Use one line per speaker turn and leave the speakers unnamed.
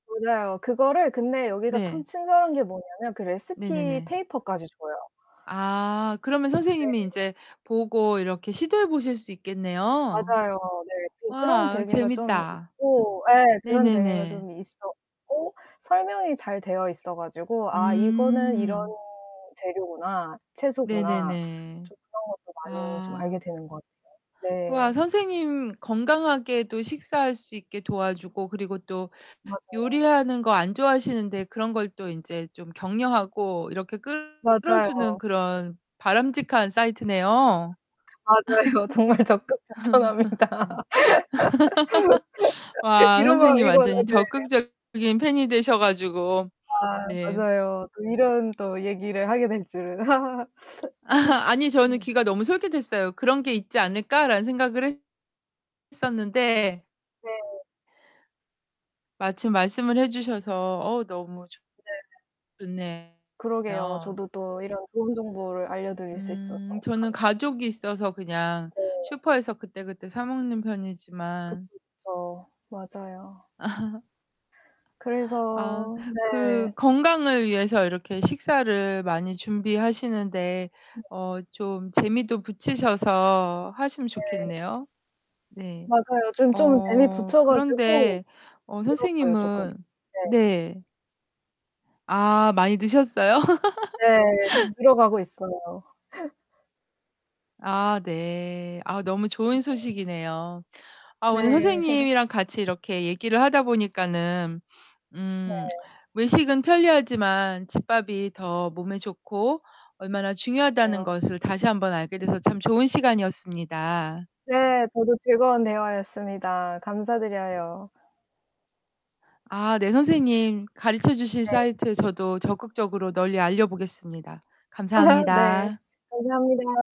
맞아요. 그거를 근데 여기가 참
네.
친절한 게 뭐냐면 그 레시피
네네네.
페이퍼까지 줘요.
아. 그러면
네.
선생님이 인제 보고 이렇게 시도해 보실 수 있겠네요.
맞아요. 네. 또 그런
와
재미가 좀
재밌다.
있고 예. 그런 재미가
네네네.
좀 있었고 설명이 잘 되어 있어 가지고 '아 이거는 이런
음.
재료구나. 채소구나.'
네네네.
좀 그런 것도 많이 좀 알게
아.
되는 것 같아요.
우와.
네.
선생님 건강하게 또 식사할 수 있게 도와주고, 그리고 또
맞아요.
요리하는 거 안 좋아하시는데 그런 걸 또 인제 좀 격려하고 이렇게 끌어주는
맞아요.
그런 바람직한 사이트네요.
맞아요. 정말 적극 추천합니다.
와.
이런
선생님
마음이군요.
완전히
네.
적극적인 팬이 되셔 가지고.
아
네.
맞아요. 이런 또 얘기를 하게 될 줄은
아니 저는
네.
귀가 너무 솔깃했어요. '그런 게 있지 않을까?'라는 생각을 했 었는데.
네.
마침 말씀을 해주셔서 어우 너무 좋
네.
좋네요.
그러게요. 저도 또 이런 좋은 정보를 알려드릴 수 있어서
음. 저는
감사합니다.
가족이 있어서 그냥
네.
슈퍼에서 그때그때 사 먹는
그쵸,
편이지만
그쵸. 맞아요.
아.
그래서
그
네.
건강을 위해서 이렇게 식사를 많이 준비하시는데
네.
어 좀 재미도 붙이셔서 하시면
네.
좋겠네요. 네.
맞아요. 좀 좀 재미
어
붙여 가지고
그런데 어
늘었어요, 쪼끔.
선생님은
네.
네. 아 많이 드셨어요?
네. 좀 늘어가고 있어요.
아 네. 아 너무 좋은 소식이네요. 아
네.
오늘 선생님이랑 같이 이렇게 얘기를 하다 보니까는
네.
음 외식은 편리하지만 집밥이 더 몸에 좋고 얼마나 중요하다는
왜요.
것을 다시 한번 알게 돼서 참 좋은 시간이었습니다.
네. 저도 즐거운 대화였습니다. 감사드려요.
아 네 선생님. 가르쳐주신
네.
사이트 저도 적극적으로 널리 알려보겠습니다.
네.
감사합니다.
감사합니다.